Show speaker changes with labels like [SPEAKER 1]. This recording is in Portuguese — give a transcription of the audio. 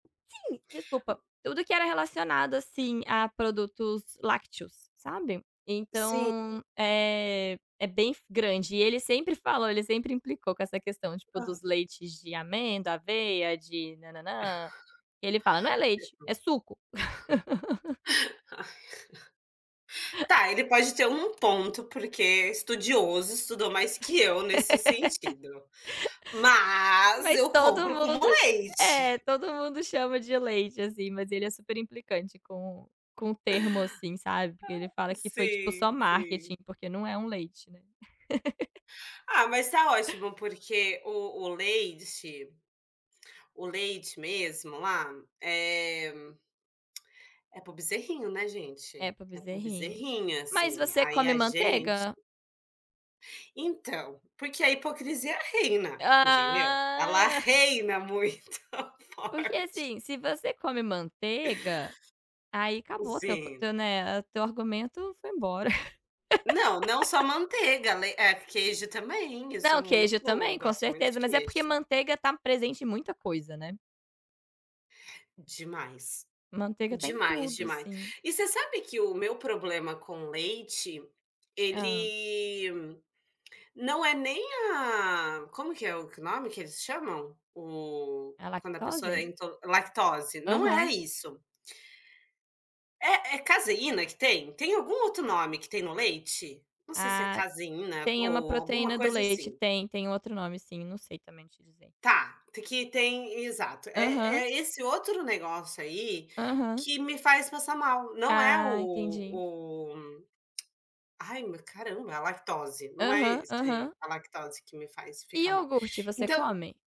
[SPEAKER 1] Desculpa, tudo que era relacionado, assim, a produtos lácteos, sabe.
[SPEAKER 2] Sim.
[SPEAKER 1] Então, eh, é bem grande e ele sempre falou ele sempre implicou com essa questão, tipo,
[SPEAKER 2] Hã.
[SPEAKER 1] dos leites de amêndoa, aveia, de
[SPEAKER 2] [unintelligible]
[SPEAKER 1] nã-nã-nã, ele fala: "Não é leite, é suco".
[SPEAKER 2] Tá, ele pode ter um ponto porque é estudioso, estudou mais que eu nesse sentido. Mas
[SPEAKER 1] Mas
[SPEAKER 2] eu
[SPEAKER 1] todo
[SPEAKER 2] compro como
[SPEAKER 1] mundo ch
[SPEAKER 2] leite.
[SPEAKER 1] é, todo mundo chama de leite, assim, mas ele é super implicante com com o termo, assim, sabe, porque ele
[SPEAKER 2] Ah,
[SPEAKER 1] fala que foi tipo só
[SPEAKER 2] sim, sim.
[SPEAKER 1] marketing, porque não é um leite, né.
[SPEAKER 2] Ah, mas tá ótimo porque o o leite o leite mesmo lá, eh, é para o bezerrinho, né,
[SPEAKER 1] É
[SPEAKER 2] gente,
[SPEAKER 1] para o
[SPEAKER 2] é para o
[SPEAKER 1] bezerrinho,
[SPEAKER 2] bezerrinha,
[SPEAKER 1] mas
[SPEAKER 2] assim,
[SPEAKER 1] você
[SPEAKER 2] aí
[SPEAKER 1] come
[SPEAKER 2] a gente
[SPEAKER 1] manteiga?
[SPEAKER 2] Então, porque a hipocrisia reina, entendeu, ela
[SPEAKER 1] Ah.
[SPEAKER 2] reina muito
[SPEAKER 1] Porque,
[SPEAKER 2] forte.
[SPEAKER 1] assim, se você come manteiga, aí acabou teu
[SPEAKER 2] Sim.
[SPEAKER 1] teu né, teu argumento foi embora.
[SPEAKER 2] Não, não só manteiga, ale é, queijo também, eu
[SPEAKER 1] Não,
[SPEAKER 2] sou muito
[SPEAKER 1] queijo também, com
[SPEAKER 2] gosto muito
[SPEAKER 1] certeza.
[SPEAKER 2] de
[SPEAKER 1] Mas é porque
[SPEAKER 2] queijo.
[SPEAKER 1] manteiga está presente em muita coisa, né.
[SPEAKER 2] Demais,
[SPEAKER 1] Manteiga está em
[SPEAKER 2] demais,
[SPEAKER 1] tudo,
[SPEAKER 2] demais.
[SPEAKER 1] assim.
[SPEAKER 2] E você sabe que o meu problema com leite,
[SPEAKER 1] Hã.
[SPEAKER 2] ele não é nem a como que é o que o nome que eles chamam? O
[SPEAKER 1] É a
[SPEAKER 2] quando a pessoa é
[SPEAKER 1] lactose?
[SPEAKER 2] into lactose, não é
[SPEAKER 1] Aham.
[SPEAKER 2] isso. É é caseína que tem? Tem algum outro nome que tem no leite, não sei se é
[SPEAKER 1] Ah,
[SPEAKER 2] caseína
[SPEAKER 1] tem uma
[SPEAKER 2] ou alguma
[SPEAKER 1] proteína do
[SPEAKER 2] coisa,
[SPEAKER 1] leite.
[SPEAKER 2] assim?
[SPEAKER 1] Tem, tem outro nome sim, eu não sei também te dizer.
[SPEAKER 2] Tá, tem que tem exato, é
[SPEAKER 1] Aham.
[SPEAKER 2] é esse outro negócio aí
[SPEAKER 1] Aham.
[SPEAKER 2] que me faz passar mal, não é o
[SPEAKER 1] Ah, entendi.
[SPEAKER 2] o ai meu, caramba, é a lactose, não é
[SPEAKER 1] Aham,
[SPEAKER 2] esse
[SPEAKER 1] aham.
[SPEAKER 2] a lactose que me faz
[SPEAKER 1] E
[SPEAKER 2] ficar mal.
[SPEAKER 1] iogurte, você
[SPEAKER 2] Então
[SPEAKER 1] come?